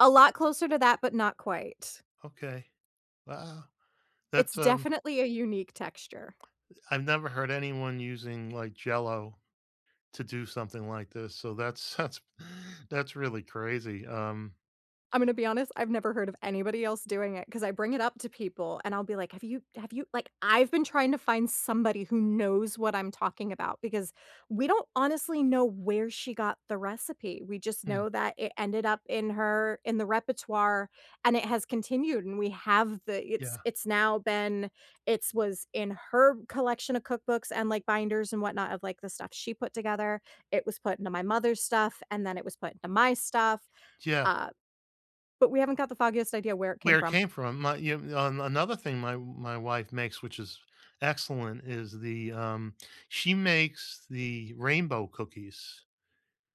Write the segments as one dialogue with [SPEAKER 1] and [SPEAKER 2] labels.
[SPEAKER 1] A lot closer to that but not quite.
[SPEAKER 2] Okay. Wow.
[SPEAKER 1] It's
[SPEAKER 2] That's, um
[SPEAKER 1] definitely a unique texture.
[SPEAKER 2] Uh, I've never heard anyone using, like, Jell-O to do something like this, so that's that's that's really crazy, um
[SPEAKER 1] I'm gonna be honest, I've never heard of anybody else doing it ‘cause I bring it up to people and I'll be like, “Have you have you, like “I've been trying to find somebody who knows what I'm talking about because we don't honestly know where she got the recipe. We just
[SPEAKER 2] Mm.
[SPEAKER 1] know that it ended up in her in the repertoire and it has continued and we have the it's
[SPEAKER 2] Yeah.
[SPEAKER 1] it's now been it’s was in her collection of cookbooks and, like, binders and whatnot of, like, the stuff she put together. It was put into my mother's stuff, and then it was put into my stuff,
[SPEAKER 2] Yeah.
[SPEAKER 1] uh, but we haven't got the foggiest idea where it came
[SPEAKER 2] Where it
[SPEAKER 1] from.
[SPEAKER 2] came from. My you on another thing my w my wife makes, which is excellent, is the, um she makes the rainbow cookies.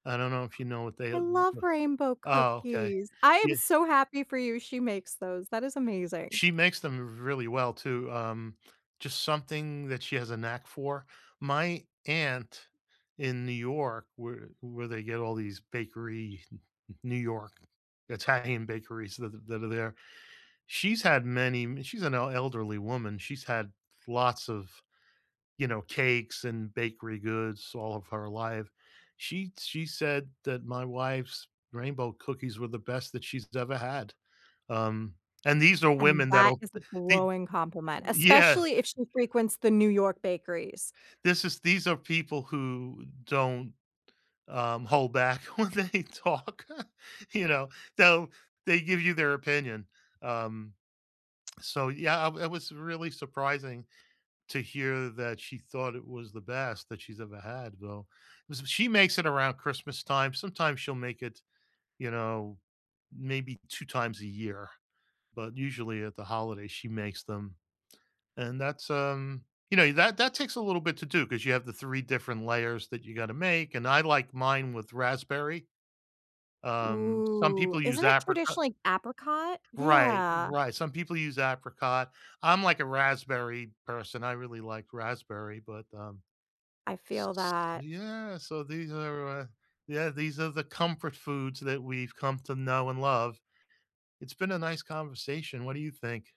[SPEAKER 2] I don't know if you know what they,
[SPEAKER 1] I
[SPEAKER 2] uh, v
[SPEAKER 1] love
[SPEAKER 2] v
[SPEAKER 1] rainbow
[SPEAKER 2] Oh, okay.
[SPEAKER 1] cookies. I am
[SPEAKER 2] Ye
[SPEAKER 1] so happy for you she makes those; that is amazing.
[SPEAKER 2] She makes them really well, too, um, just something that she has a knack for. My aunt in New York, where where they get all these bakery, N N New York, Italian bakeries th th that are there, she's had many mi she's an el elderly woman. She's had lots of, you know, cakes and bakery goods all of her life. She she said that my wife's rainbow cookies were the best that she's ever had, um, and these are
[SPEAKER 1] And
[SPEAKER 2] women
[SPEAKER 1] that
[SPEAKER 2] that'll
[SPEAKER 1] is a
[SPEAKER 2] b be
[SPEAKER 1] glowing compliment,
[SPEAKER 2] Yeah.
[SPEAKER 1] especially if she frequents the New York bakeries.
[SPEAKER 2] This is these are people who don't, um, hold back when they talk, you know? They'll they give you their opinion, um so, yeah, w it was really surprising to hear that she thought it was the best that she's ever had, though. Was b She makes it around Christmas time, sometimes she'll make it, you know, maybe 2 times a year, but usually at the holidays she makes them, and that's, um you know, that that takes a little bit to do ‘cause you have the 3 different layers that you gotta make and I like mine with raspberry. Um, some
[SPEAKER 1] Ooh,
[SPEAKER 2] people use
[SPEAKER 1] isn't it
[SPEAKER 2] apricot
[SPEAKER 1] traditionally apricot?
[SPEAKER 2] Right,
[SPEAKER 1] Yeah.
[SPEAKER 2] right, some people use apricot. I'm, like, a raspberry person. I really like raspberry, but, um,
[SPEAKER 1] I
[SPEAKER 2] s
[SPEAKER 1] feel
[SPEAKER 2] s
[SPEAKER 1] that.
[SPEAKER 2] Yeah, so these are my Yeah, these are the comfort foods that we've come to know and love. It's been a nice conversation, what do you think?